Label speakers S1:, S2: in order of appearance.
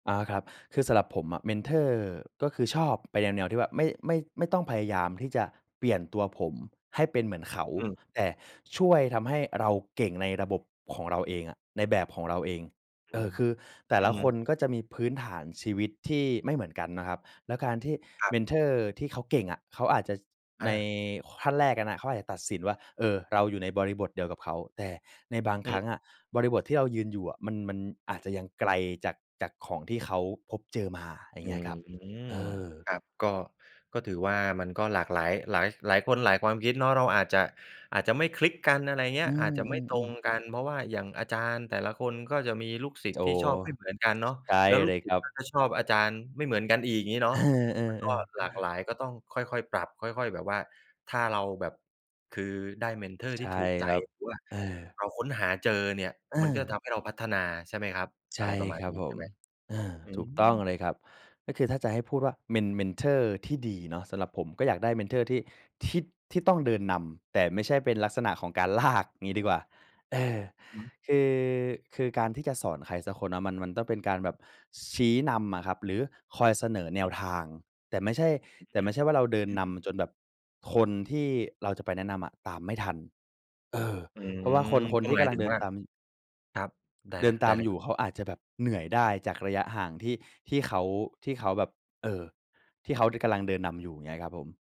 S1: อา ครับ คือสำหรับผมอะเมนทอร์ ก็คือชอบไปแนว ๆ ที่ว่าไม่ ไม่ ไม่ต้องพยายามที่จะเปลี่ยนตัวผมให้เป็นเหมือนเขา
S2: อืม
S1: แต่ช่วยทำให้เราเก่งในระบบของเราเองอะ ในแบบของเราเอง
S2: อ
S1: เ
S2: ื
S1: ออ
S2: ม
S1: คือแต่
S2: อื
S1: ล
S2: อ
S1: ะ
S2: ฮ
S1: ค
S2: ึ
S1: นก็จะมีพื้นฐานชีวิตที่ไม่เหมือนกันนะครับ แล้วการที่
S2: ครั
S1: เม
S2: บ
S1: นทอร์ที่เขาเก่งอะ เขาอาจจะ ช
S2: อ
S1: ใน
S2: า
S1: ข ขั้นแรกเขาอาจจะตัดสินว่า เออ เราอยู่ในบริบทเดียวกับเขา แต่ในบาง
S2: อื
S1: ครั้
S2: ม
S1: งอะ บริบทที่เรายืนอยู่อะมัน มันอาจจะยังไกลจาก จากของที่เขาพบเจอมา อย่า
S2: อ
S1: ง
S2: ื
S1: เงี้ยครับ
S2: ม
S1: เออ
S2: ครับ ก็ ก็ถือว่ามันก็หลากหลาย หลาย หลายคนหลายความคิดเนาะ เราอาจจะ อาจจะไม่คลิกกัน อะไรอย่างเงี้
S1: อื
S2: ย อาจจะไม่ตร
S1: ม
S2: ง
S1: ๆ
S2: กัน เ
S1: ๆ
S2: พราะว่าอย่างอาจารย์แต่ละคนก็จะมีลูกศิษ
S1: โ
S2: ย
S1: อ
S2: ์
S1: ้
S2: ที
S1: โ
S2: ่ช
S1: ฮ
S2: อบไม่เหมือนกันเนาะ
S1: ใช่
S2: แล้วล
S1: เ
S2: ู
S1: ล
S2: ก
S1: ย
S2: ศ
S1: ค
S2: ิษ
S1: รั
S2: ย์ก็
S1: บ
S2: จะชอบอาจารย์ไม่เหมือนกันอีก งี้เนา
S1: เอ
S2: ะ มันก
S1: อ
S2: ็
S1: ๆ ๆ
S2: หลากหลาย ก็ต้องค่อย ๆ ปรับ ค่อย ๆ แบบว่า ถ้าเราแบบ คือได้เมนทอร์
S1: ใช
S2: ที่
S1: ่
S2: ถูกใจ
S1: ครับ
S2: หรือว่า
S1: เออ
S2: เราค้นหาเจอเนี่ย
S1: เ
S2: มันก็
S1: ออ
S2: ทำให้เราพัฒนา ใช่ไหมครับ
S1: ใช
S2: อะไ
S1: ่
S2: รประมา
S1: ค
S2: ณ
S1: รับ
S2: นี้
S1: ผ
S2: ใช่
S1: ม
S2: ไหม?
S1: เออ
S2: อื
S1: ถูกต้องเล
S2: ม
S1: ยครับ ก็คือถ้าจะให้พูดว่าเมน เมนทอร์ที่ดีเนาะ สำหรับผมก็อยากได้เมนทอร์ที่ ที่ ที่ต้องเดินนำ แต่ไม่ใช่เป็นลักษณะของการ ลาก งี้ดีกว่า เออ
S2: อืม
S1: คือ คือการที่จะสอนใครสักคนนะ มัน มันต้องเป็นการแบบชี้นำอะครับ หรือคอยเสนอแน
S2: อื
S1: ว
S2: ม
S1: ทาง แต่ไม่ใช่
S2: อืม
S1: แต่ไ
S2: จ
S1: ม่ใช่ว่าเราเดิน
S2: อื
S1: น
S2: ม
S1: ำจนแบบคนที่เราจะไปแนะนำอะตามไม่ทัน เออ
S2: อื
S1: เพราะว่า
S2: ม
S1: คน ค
S2: ก
S1: น
S2: ็
S1: ที่
S2: หม
S1: ก
S2: าย
S1: ำล
S2: ถ
S1: ั
S2: ึ
S1: ง
S2: ง
S1: เดิ
S2: ว
S1: น
S2: ่า
S1: ตาม
S2: ครับ ได้
S1: เดิ
S2: ล
S1: นต
S2: ได้
S1: าม
S2: เลย
S1: อยู
S2: ๆ
S1: ่เขาอาจจะแบบเหนื่อยได้ จากระยะห่างที่ ที่เขา ที่เขาแบบ เออ ที่เขา ด กำลัง เดินนำอยู่ อย่างเงี้ยครับผม